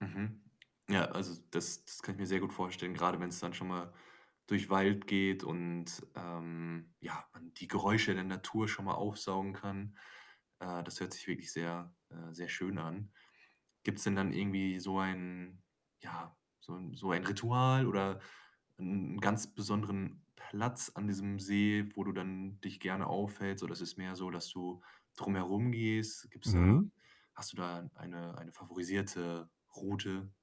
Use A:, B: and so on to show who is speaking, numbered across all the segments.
A: Mhm. Ja, also, das das kann ich mir sehr gut vorstellen, grade wenn's dann schon mal durch Wald geht und, ähm, ja, man die Geräusche der Natur schon mal aufsaugen kann. Äh, das hört sich wirklich sehr äh, sehr schön an. Gibt's denn dann irgendwie so ein ja, so 'n so ein Ritual oder 'n 'n ganz besonderen Platz an diesem See, wo du dann dich gerne aufhältst? Oder es ist mehr so, dass du drum herumgehst? Gibt's da
B: Mhm.
A: hast du da eine eine favorisierte Route?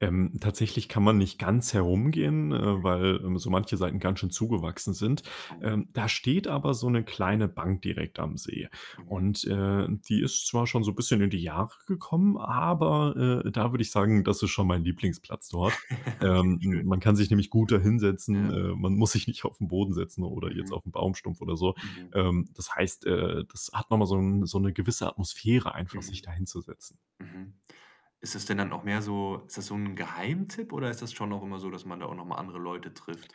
B: Ähm, tatsächlich kann man nicht ganz herumgehen, äh, weil, ähm, so manche Seiten ganz schön zugewachsen sind.
A: Mhm.
B: Ähm, da steht aber so 'ne kleine Bank direkt am See
A: Mhm
B: und, äh, die ist zwar schon so bisschen in die Jahre gekommen, aber, äh, da würde ich sagen, das ist schon mein Lieblingsplatz dort.
A: Okay,
B: Ähm, m
A: schön.
B: man kann sich nämlich gut da hinsetzen.
A: Ja.
B: Äh, man muss sich nicht auf 'n Boden setzen oder jetzt
A: Mhm.
B: auf 'n Baumstumpf oder so.
A: Mhm.
B: Ähm, das heißt, äh, das hat noch mal so 'n so 'ne gewisse Atmosphäre einfach, sich
A: Mhm.
B: da hinzusetzen.
A: Mhm. Ist das denn dann auch mehr so ist das so 'n Geheimtipp oder ist das schon auch immer so, dass man da auch noch mal andere Leute trifft?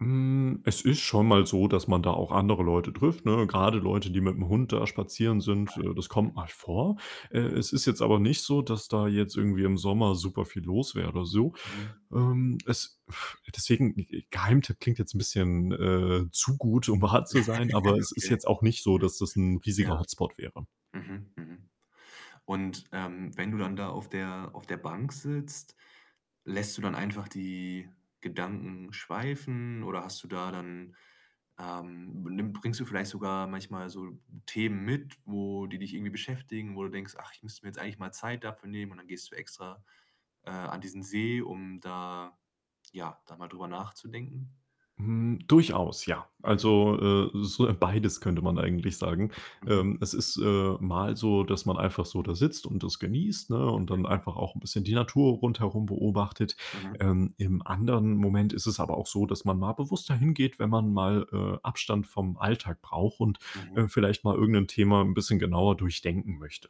B: Hm, es ist schon mal so, dass man da auch andere Leute trifft, ne,
A: Mhm.
B: grade Leute, die mit'm Hund da spazieren
A: Ah,
B: sind, äh, das
A: ja,
B: kommt
A: mhm.
B: mal vor. Äh,
A: Mhm.
B: es ist jetzt aber nicht so, dass da jetzt irgendwie im Sommer superviel los wäre oder so.
A: Mhm.
B: Ähm, es deswegen, g g Geheimtipp klingt jetzt 'n bisschen, äh, zu gut, um wahr zu sein, aber es ist
A: Okay.
B: jetzt auch nicht so, dass das 'n
A: Ja.
B: riesiger Hotspot wäre.
A: Mhm, mhm. Und, ähm, wenn du dann da auf der auf der Bank sitzt, lässt du dann einfach die Gedanken schweifen oder hast du da dann, ähm b nimm bringst du vielleicht sogar manchmal so Themen mit, wo die dich irgendwie beschäftigen, wo du denkst: „Ach, ich müsste mir jetzt eigentlich mal Zeit dafür nehmen“ und dann gehst du extra, äh, an diesen See, um da ja, da mal drüber nachzudenken?
B: Hm, durchaus, ja.
A: Mhm.
B: Also, äh, so, äh, beides könnte man eigentlich sagen.
A: Mhm.
B: Ähm, es ist, äh, mal so, dass man einfach so da sitzt und das genießt, ne, und dann
A: Mhm.
B: einfach auch 'n bisschen die Natur rundherum beobachtet.
A: Mhm.
B: Ähm, im anderen Moment ist es aber auch so, dass man mal bewusster hingeht, wenn man mal, äh, Abstand vom Alltag braucht und,
A: Mhm.
B: äh, vielleicht mal irgendein Thema 'n bisschen genauer durchdenken möchte.